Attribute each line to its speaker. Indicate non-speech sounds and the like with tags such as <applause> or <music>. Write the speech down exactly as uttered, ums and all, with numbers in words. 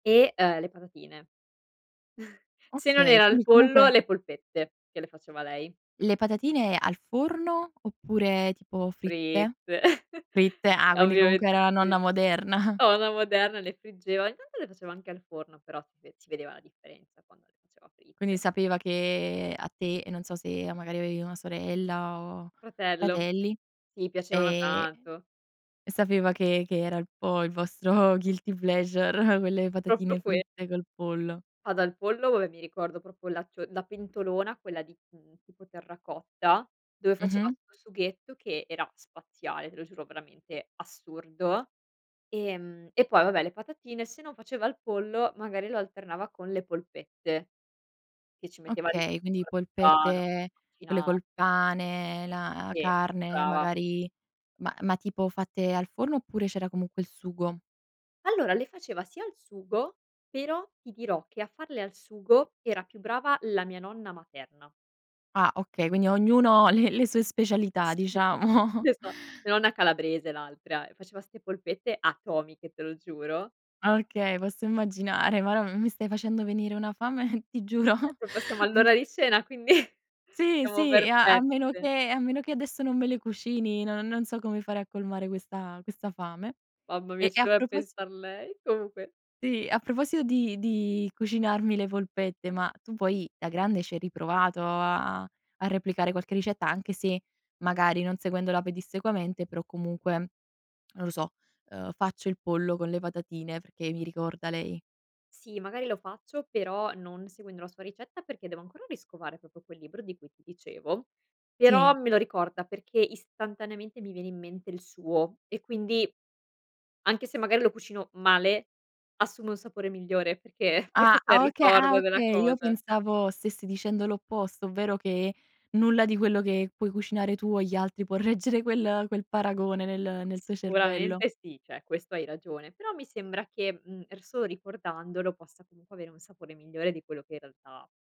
Speaker 1: E, uhm, le patatine. <chuckles> Se non
Speaker 2: Okay,
Speaker 1: era il
Speaker 2: quindi
Speaker 1: pollo,
Speaker 2: comunque
Speaker 1: le polpette che le faceva lei.
Speaker 2: Le patatine al forno, oppure tipo fritte?
Speaker 1: Fritte. <chuckles>
Speaker 2: Fritte, ah quindi comunque
Speaker 1: Ovviamente
Speaker 2: era la
Speaker 1: sì.
Speaker 2: nonna moderna. <chuckles>
Speaker 1: La nonna moderna le friggeva. Ogni tanto le faceva anche al forno, però si ve si vedeva la differenza quando le faceva
Speaker 2: Quindi
Speaker 1: fritte.
Speaker 2: sapeva che a te, e non so se o magari, avevi una sorella, o
Speaker 1: Fratello.
Speaker 2: fratelli?
Speaker 1: Gli piacevano
Speaker 2: Ehm,
Speaker 1: tanto.
Speaker 2: sapeva che che era il po' il vostro guilty pleasure, quelle
Speaker 1: propro
Speaker 2: patatine
Speaker 1: que
Speaker 2: fritte col pollo.
Speaker 1: Ma dal pollo, vabbè mi ricordo propo la tu ehm, la pentolona quella di, mhmm, tipo terracotta dove faceva
Speaker 2: Mh-mh.
Speaker 1: questo sughetto che era spaziale, te lo giuro veramente, assurdo; ehm, e poi vabbè le patatine. Sennò faceva il pollo magari lo alternava con le polpette che ci metteva di
Speaker 2: Okay, quindi
Speaker 1: tutto, il parmigiano,
Speaker 2: polpette, quelle
Speaker 1: macina
Speaker 2: col pane, la
Speaker 1: Sì.
Speaker 2: carne,
Speaker 1: Brava.
Speaker 2: magari. Ma ma tipo fatte al forno, oppure c'era comunque il sugo?
Speaker 1: Allora, le faceva sia al sugo, però ti dirò che a farle al sugo era più brava la mia nonna materna.
Speaker 2: Ah okay, quindi ognuno ha le le sue specialità
Speaker 1: Sì.
Speaker 2: diciamo.
Speaker 1: Esa mia nonna è calabrese l'altra, e faceva ste polpette atomiche, te lo giuro.
Speaker 2: Ah okay, posso immaginare. Madò, m mi stai facendo venire una fame, ti giuro.
Speaker 1: Ecco, passiamo
Speaker 2: Mh.
Speaker 1: all'ora di cena, quindi <chuckles>
Speaker 2: Sì,
Speaker 1: siamo
Speaker 2: sì, e a a meno
Speaker 1: perfette.
Speaker 2: che a meno che adesso non me le cucini, non non so come fare a colmare questa questa fame.
Speaker 1: Mamma mia,
Speaker 2: E
Speaker 1: ci
Speaker 2: e a
Speaker 1: doveva
Speaker 2: propos
Speaker 1: pensar lei. Comunque
Speaker 2: Sì, e a proposito di di cucinarmi le polpette, ma tu poi da grande ci hai riprovato a a replicare qualche ricetta? Anche se magari non seguendola pedissequamente, però comunque, non lo so, uhm: "Faccio il pollo con le patatine perché mi ricorda lei."
Speaker 1: Sì, magari lo faccio però non seguendo la sua ricetta perché devo ancora riscovare propo quel libro di cui ti dicevo, però
Speaker 2: Sì.
Speaker 1: me lo ricorda perché istantaneamente mi viene in mente il suo, e quindi anche se magari lo cucino male assume un sapore migliore perché forse
Speaker 2: Ah!
Speaker 1: sè il
Speaker 2: Ah, oka ah
Speaker 1: ricordo della
Speaker 2: okay, io
Speaker 1: cosa.
Speaker 2: pensavo stessi dicendo l'opposto, ovvero che nulla di quello che puoi cucinare tu o gli altri può reggere quel quel paragone nel nel
Speaker 1: S
Speaker 2: tuo cervello.
Speaker 1: sicuramente sì, ceh questo hai ragione, però mi sembra che, mhmm, er solo ricordandolo possa comunque avere un sapore migliore di quello che in realtà ha.